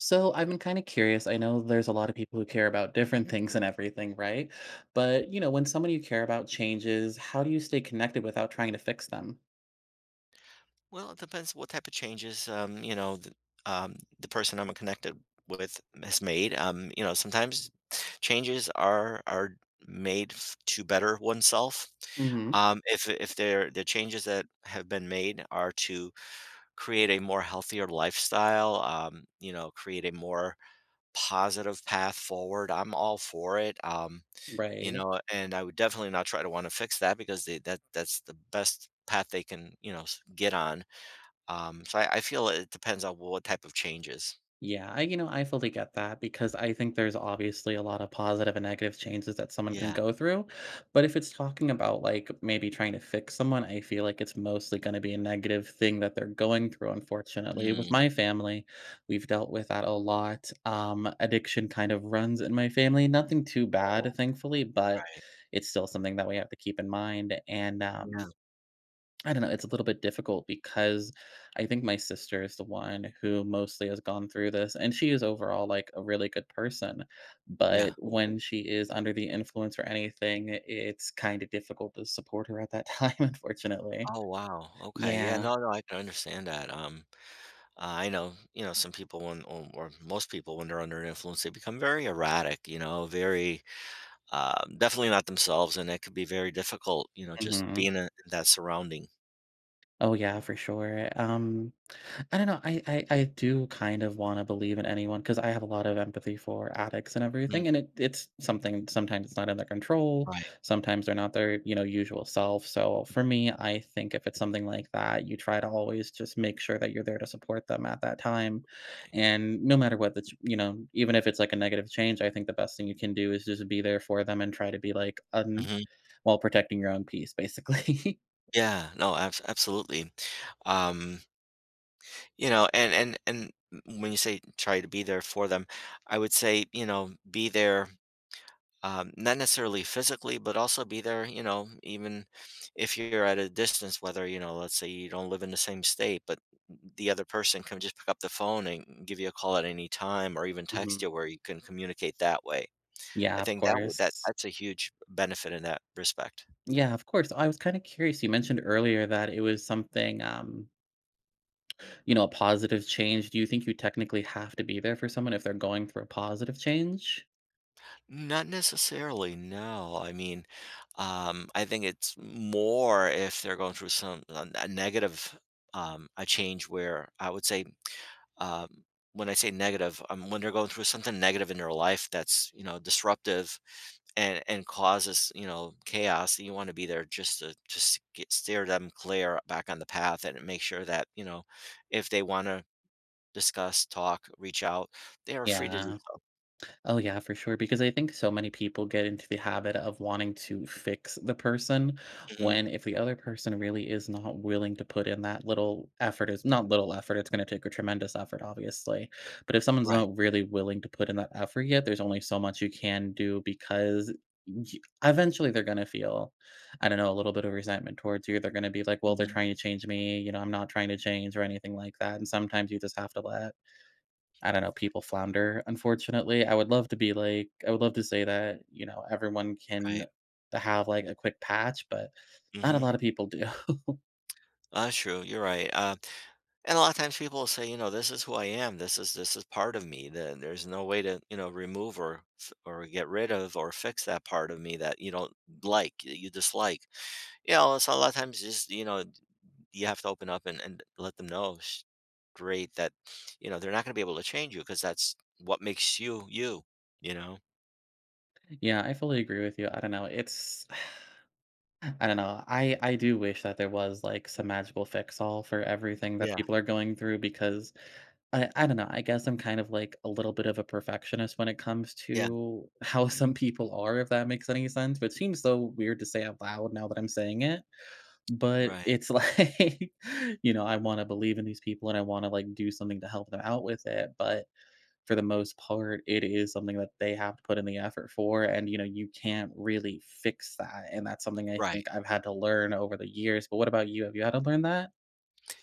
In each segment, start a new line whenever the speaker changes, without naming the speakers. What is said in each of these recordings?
So, I've been kinda curious. I know there's a lot of people who care about different things and everything, right? But, you know, when somebody you care about changes, how do you stay connected without trying to fix them?
Well, it depends what type of changes, um, you know, the um, the person I'm, uh, connected with has made. Um, you know, sometimes changes are are made to better oneself,
Mhm.
um, if if they're the changes that have been made are to create a more healthier lifestyle, um, you know, create a more positive path forward, I'm all for it, um, you
Right.
know, and I would definitely not try to wanna fix that because they that that's the best path they can, you know, s get on. Um, if I I feel it depends on what type of changes.
Yeah, I you know, I fully get that because I think there's obviously a lot of positive and negative changes that someone can
Yeah.
go through, but if it's talking about, like, maybe trying to fix someone, I feel like it's mostly gonna be a negative thing that they're going through. Unfortunately, with
Mm.
my family, we've dealt with that a lot. Um, addiction kind of runs in my family; nothing too
Oh,
bad, thankfully, but
right.
it's still something that we have to keep in mind, and,
Yeah.
um, I don't know, it's a little bit difficult because I think my sister is the one who mostly has gone through this, and she is overall, like, a really good person,
Yeah.
but when she is under the influence or anything, i it's kinda difficult to support her at that time, unfortunately.
Oh, wow. Okay, yeah.
Yeah.
No, no, I can understand that, um, I know, you know, some people when or or most people when they're under influence, they become very erratic, you know, very um, definitely not themselves, and it could be very difficult, you know, just
Mhm.
being in in that surrounding.
Oh, yeah, for sure. Um, I don't know. I I I do kind of wanna believe in anyone 'cause I have a lot of empathy for addicts and
Mm.
everything, and it it's something sometimes it's not in their control,
Right.
sometimes they're not their, you know, usual self, so for me, I think if it's something like that, you try to always just make sure that you're there to support them at that time,
[unintelligible]
and no matter what the ch you know, even if it's, like, a negative change, I think the best thing you can do is just be there for them and try to be, like, un
Mhm.
while protecting your own peace, basically.
Yeah, no, abs absolutely, um you know, and and and when you say try to be there for them, I would say, you know, be there, um, not necessarily physically, but also be there, you know, even if you're at a distance, whether, you know, let's say, you don't live in the same state, but th th the other person can just pick up the phone and give you a call at any time or even text
Mhm.
you where you can communicate that way.
Yeah,
I
of
think that would that
course.
that's a huge benefit in that respect.
Yeah, of course. I was kinda curious, you mentioned earlier that it was something, um you know, a positive change. Do you think you technically have to be there for someone if they're going through a positive change?
Not necessarily, no, I mean, um, I think it's more if they're going through some a a negative, um, a change where I would say, um when I say "negative," um, when they're going through something negative in their life that's, you know, disruptive and and causes, you know, chaos, you wanna be there just to, just get steer them clear back on the path and make sure that, you know, if they wanna discuss, talk, reach out, they are free to do
Yeah.
so.
Oh, yeah, for sure, because I think so many people get into the habit of wanting to fix the person
Mhm.
when if the other person really is not willing to put in that little effort- it's not little effort, it's gonna take a tremendous effort, obviously. But if someone's
Right.
not really willing to put in that effort yet, there's only so much you can do because, e eventually, they're gonna feel, I don't know, a little bit of resentment towards you, they're gonna be like, "Well, they're
Mhm.
trying to change me, you know, I'm not trying to change or anything like that," and sometimes you just have to let, I don't know, people flounder, unfortunately- I would love to be like I would love to say that, you know, everyone can
Right.
have, like, a quick patch, but not a
Mhm.
lot of people do.
That's true, you're right. Uh, and a lotta times people will say, you know, "This is who I am. This is this is part of me. There there's no way to, you know, remove or f or get rid of or fix that part of me that you don't like, that you dislike." Yeah, so a lotta times just, you know, you have to open up and and let them know sh great that, you know, they're not gonna be able to change you 'cause that's what makes you, you. You know?
Yeah. I fully agree with you. I don't know. It's I don't know. I I do wish that there was, like, some magical fix all for everything that
Yeah.
people are going through because, I I don't know. I guess I'm kind of, like, a little bit of a perfectionist when it comes
Yeah.
to how some people are, if that makes any sense. But seems so weird to say out loud now that I'm saying it. But
Right.
it's like, you know, I wanna believe in these people, and I wanna, like, do something to help them out with it. But for the most part, it is something that they have to put in the effort for, and, you know, you can't really fix that. And that's something I
Right.
think I've had to learn over the years. But what about you, have you had to learn that?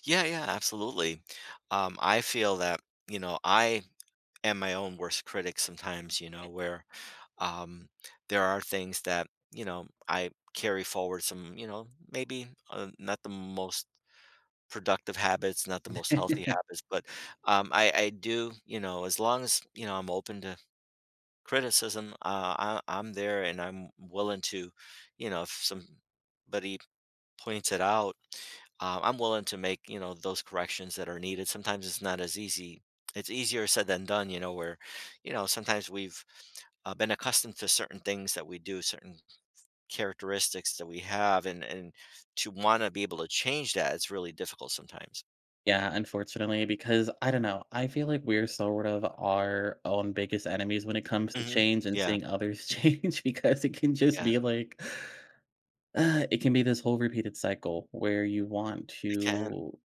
Yeah, yeah, absolutely. Um, I feel that, you know, I am my own worst critic sometimes, you know,
M
where, um, there are things that, you know, I carry forward some, you know, maybe, uh, not the most productive habits, not the most healthy habits, but, um, I I do, you know, as long as, you know, I'm open to criticism, uh, I I'm there, and I'm willing to, you know, if somebody points it out, um, I'm willing to make, you know, those corrections that are needed sometimes it's not as easy. It's easier said than done, you know, where, you know, sometimes we've, uh, been accustomed to certain things that we do, certain s characteristics that we have, and and to wanna be able to change that, it's really difficult sometimes.
Yeah, unfortunately, because, I don't know, I feel like we're sort of our own biggest enemies when it comes to
Mhm.
change, and
Yeah.
seeing others change, because it can just
Yeah.
be, like it can be this whole repeated cycle, where you want
It can.
to,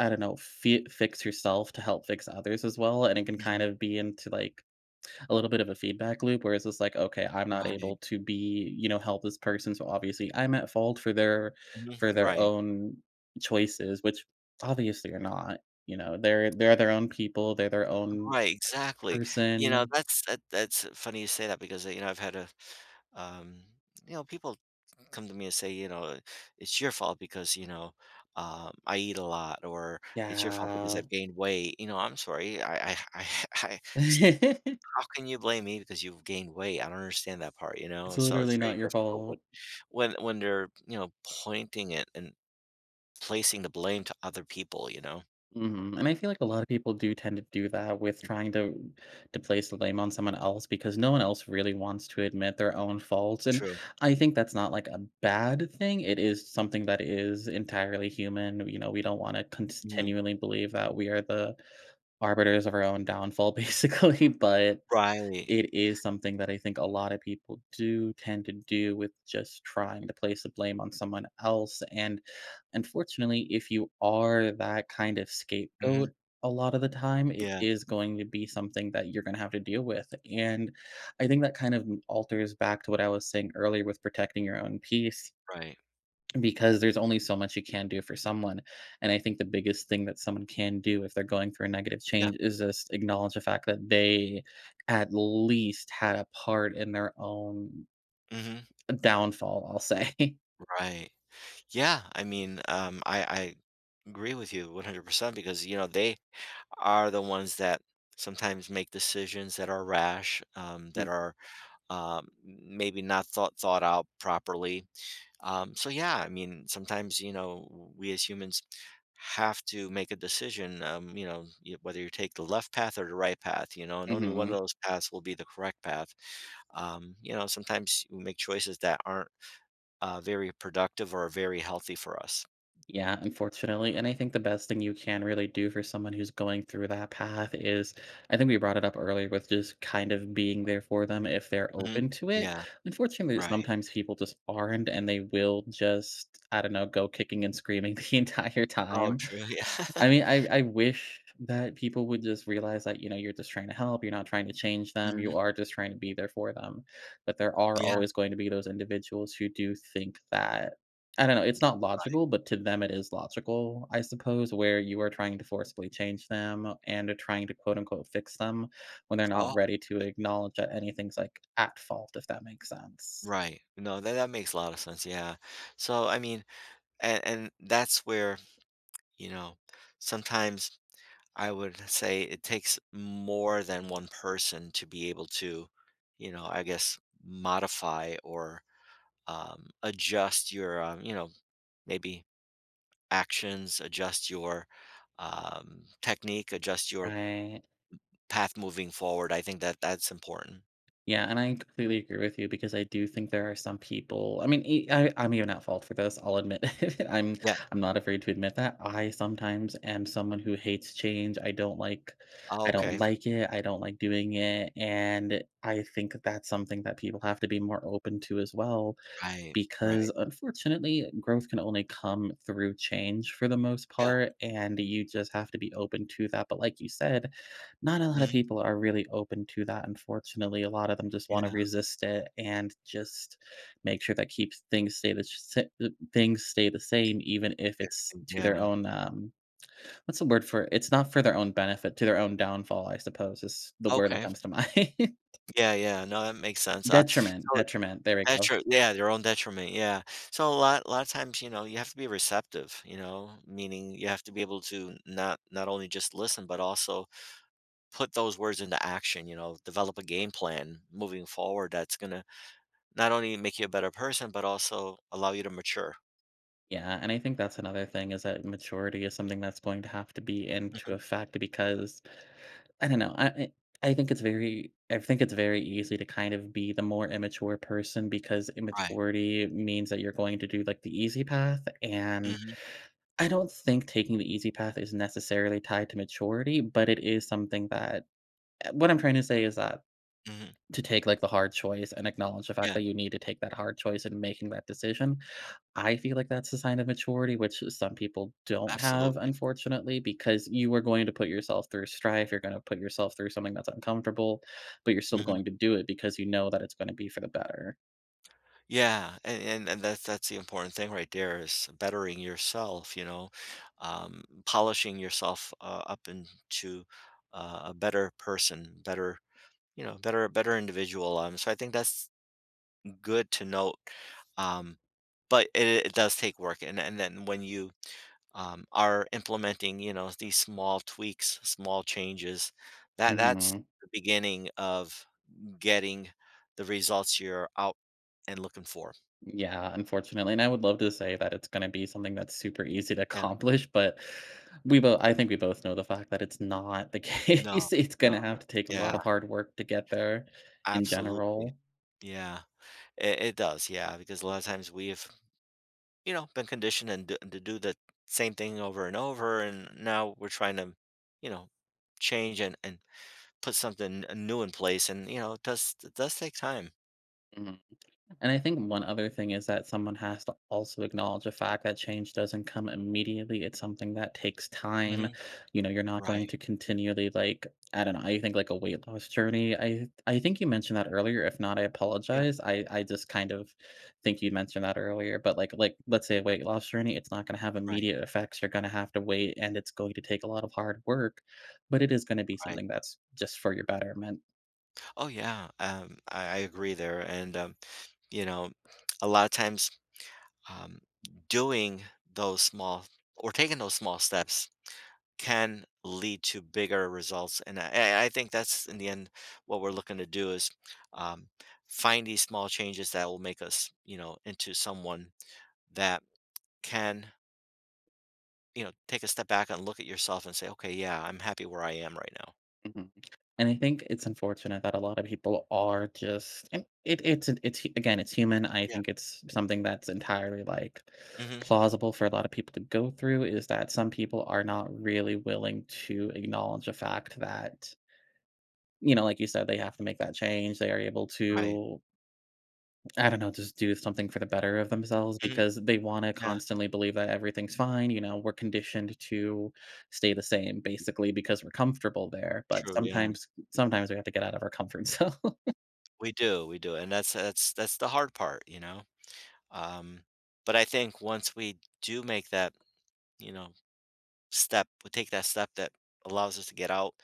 I don't know, f fi fix yourself to help fix others as well, and it can kind
Mhm.
of be into, like, a little bit of a feedback loop, where it's just like, "Okay, I'm not able
Right.
to be" you know, "help this person, so, obviously, I'm at fault for their
M
for their
Right.
own choices," which obviously, you're not, you know? They're they're their own people, they're their own
Right, exactly. You know,
person
that's that that's funny you say that, because, a you know, I've had a, um you know, people come to me and say, you know, "It's your fault, because," you know, um, "I eat a lot," or, "It's your fault because
Yeah.
I've gained weight." You know, "I'm sorry. I I I h I h st" How can you blame me because you've gained weight? I don't understand that part, you know?
It's
So it's
literally
very
not your
difficult when
fault.
when when they're, you know, pointing it, and placing the blame to other people, you know?
Mhm, and I feel like a lot of people do tend to do that with trying to to place the blame on someone else, because no one else really wants to admit their own faults, and
True.
I think that's not, like, a bad thing, it is something that is entirely human, w you know, we don't wanna
Mhm.
continually believe that we are the arbiters of our own downfall, basically, but
Right.
it is something that I think a lot of people do tend to do with just trying to place the blame on someone else, and, unfortunately, if you are that kind of
Mhm.
scapegoat a lot of the time, it
Yeah.
is going to be something that you're gonna have to deal with, and I think that kind of m alters back to what I was saying earlier, with protecting your own peace,
Right.
because there's only so much you can do for someone, and I think the biggest thing that someone can do, if they're going through a negative
Yeah.
change, is just acknowledge the fact that they at least had a part in their own
Mhm.
downfall, I'll say.
Right. Yeah, I mean, um, I I agree with you, 100%, because, you know, they are the ones that sometimes, make, decisions that are rash, um, that
Mhm.
are, um, m maybe not thought thought out properly. Um, so, yeah, I mean, sometimes, you know, w we as humans have to make a decision, um, you know, you whether you take the left path, or the right path, you know, and only one of
Mhm.
those paths will be the correct path. Um, you know, sometimes, we make choices that aren't, uh, very productive, or very healthy for us.
Yeah, unfortunately, and I think the best thing you can really do for someone who's going through that path is I think we brought it up earlier with just kind of being there for them if they're
Mhm.
open to it.
Yeah.
Unfortunately,
Right.
sometimes, people just aren't, and they will just, I don't know, go kicking and screaming the entire
Oh,
time.
true, yeah.
I mean, I I wish that people would just realize that, you know, you're just trying to help, you're not trying to change them,
Mhm.
you are just trying to be there for them, but there are
Yeah.
always going to be those individuals who do think that I don't know, it's not
Right.
logical, but to them, it is logical, I suppose, where you are trying to forcibly change them, and are trying to, quote, unquote, "fix them," when they're
Oh.
not ready to acknowledge that anything's, like, at fault, if that makes sense.
Right. No, that that makes a lotta sense, yeah. So, I mean and and that's where, you know, sometimes, I would say it takes more than one person to be able to, you know, I guess, modify, or, um, adjust your, um, you know, maybe, actions, adjust your, um, technique, adjust your m m
Right.
path moving forward, I think that that's important.
Yeah, and I completely agree with you, because I do think there are some people I mean, e I I'm even at fault for this. I'll admit it. I'm
Yeah.
I'm not afraid to admit that. I sometimes am someone who hates change, I don't like
Oh,
I don't
okay.
like it, I don't like doing it, and I think that's something that people have to be more open to as well,
Right. Right.
because, unfortunately, growth can only come through change, for the most
Yeah.
part, and th you just have to be open to that, but like you said, not a lot of
Mhm.
people are really open to that, unfortunately, a lot of them just wanna
Yeah.
resist it, and just make sure that keeps things stay the sh sa the things stay the same, even if it's
[unintelligible]
to their
,yeah.
own, um, what's the word for? It's not for their own benefit to their own downfall, I suppose, is the word that
Okay.
comes to mind.
Yeah, yeah, no, that makes sense, uh,
Detriment,
so
detriment, there we go.
detri yeah, their own detriment, yeah. So a lot lotta times, you know, you have to be receptive, you know? Meaning, you have to be able to not not only just listen; but also put those words into action, you know, develop a game plan moving forward that's gonna not only make you a better person, but also allow you to mature.
Yeah, and I think that's another thing is that maturity is something that's going to have to be into
Mhm.
effect to because I don't know, I I I think it's very I think it's very easy to kind of be the more immature person because
Right.
immaturity means that you're going to do, like, the easy path, and
Mhm.
I don't think taking the easy path is necessarily tied to maturity, but it is something that Uh, what I'm tryna say is that
Mhm.
to take, like, the hard choice and acknowledge the fact
Yeah.
that you need to take that hard choice in making that decision, I feel like that's a sign of maturity, which just some people don't have
Absolutely.
unfortunately, because you are going to put yourself through strife, you're gonna put yourself through something that's uncomfortable, but you're still
Mhm.
going to do it because you know that it's gonna be for the better.
Yeah, and and and that's that's the important thing right there is bettering yourself, you know, um, polishing yourself, uh, up into a a better person, better you know, better better individual, um, so I think that's good to note, um, but it it it does take work, and and then when you, um, are implementing, you know, these small tweaks, small changes, that that's
Mhm.
the beginning of getting the results you're out and looking for.
Yeah, unfortunately, and I would love to say that it's gonna be something that's super easy to
Yeah.
accomplish, but we both I think we both know the fact that it's not the
No,
case. It's
no,
gonna have to take a lot
yeah.
of hard work to get there in
Absolutely.
general.
Yeah. It it does, yeah, because a lotta times we've, you know, been conditioned and d to do the same thing over and over, and now we're tryna, you know, change and and put something n uh, new in place, and, you know, it does it does take time.
Mhm, and I think 1 other thing is that someone has to also acknowledge the fact that change doesn't come immediately, it's something that takes time.
Mhm.
You know, you're not going
Right.
to continually, like I don't know, I think, like, a weight loss journey. I th I think you mentioned that earlier, if not, I
Yeah.
apologize. I I just kind of think you mentioned that earlier, but, like like, let's say a weight loss journey, it's not gonna have
Right.
immediate effects. You're gonna have to wait, and it's going to take a lot of hard work, but it is gonna be
Right.
something that's just for your betterment.
Oh, yeah, um, I I agree there, and, um, you know, a lotta times, um, doing those small or taking those small steps can lead to bigger results, and I I I think that's, in the end, what we're looking to do is, um, find these small changes that will make us, you know, into someone that can you know, take a step back and look at yourself and say, "Okay, yeah, I'm happy where I am right now."
Mhm, and I think it's unfortunate that a lotta people are just it it's it's again, it's human, I
Yeah.
think it's something that's entirely, like,
Mhm.
plausible for a lotta people to go through, is that some people are not really willing to acknowledge the fact that you know, like you said, they have to make that change, they are able
Right.
to I don't know, just do something for the better of themselves
Mhm.
because they wanna
Yeah.
constantly believe that everything's fine, you know, we're conditioned to stay the same, basically, because we're comfortable there, but
True, yeah.
sometimes sometimes we have to get out of our comfort zone.
We do, we do and that's that's that's the hard part, you know, um, but I think once we do make that, you know, step we take that step that allows us to get out,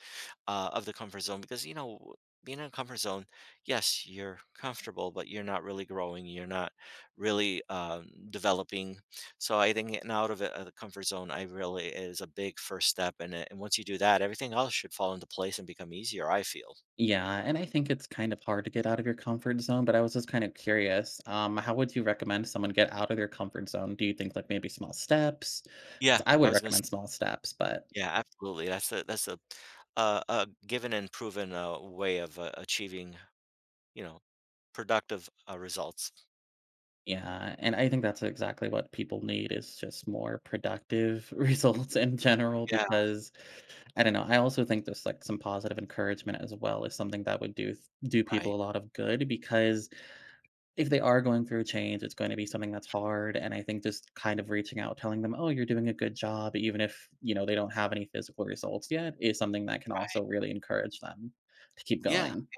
uh, of the comfort zone because, you know, being in a comfort zone, yes, you're comfortable, but you're not really growing, you're not really, um, developing, so I think getting out of it- the comfort zone- I really is a big first step; and it and once you do that, everything else should fall into place and become easier, I feel.
Yeah, and I think it's kind of hard to get out of your comfort zone, but I was just kind of curious, um, how would you recommend someone get out of your comfort zone, do you think, like, maybe small steps?
Yeah.
'Cause I
I
would
was gonna s
recommend small steps, but
Yeah, absolutely that's a that's a a a given and proven, uh, way of a achieving, you know, productive, uh, results.
Yeah, and I think that's exactly what people need is just more productive results in general
Yeah.
because, I don't know and I also think there's, like, some positive encouragement as well as something that would do s do
Right.
people a lot of good; because if they are going through a change, it's gonna be something that's
Yeah.
hard, and I think just kind of reaching out, telling them, "Oh, you're doing a good job" even if, you know, they don't have any physical results yet is something that can
Right.
also really encourage them to keep
Yeah,
going.
yeah,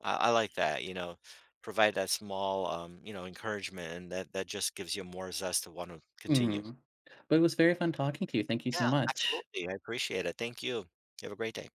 I I like that, you know, provide that small, um, you know, encouragement, and that that just gives you more zest to wanna continue.
Mhm, but it was very fun talking to you, thank you
Yeah,
so much.
absolutely, I appreciate it, thank you. You have a great day.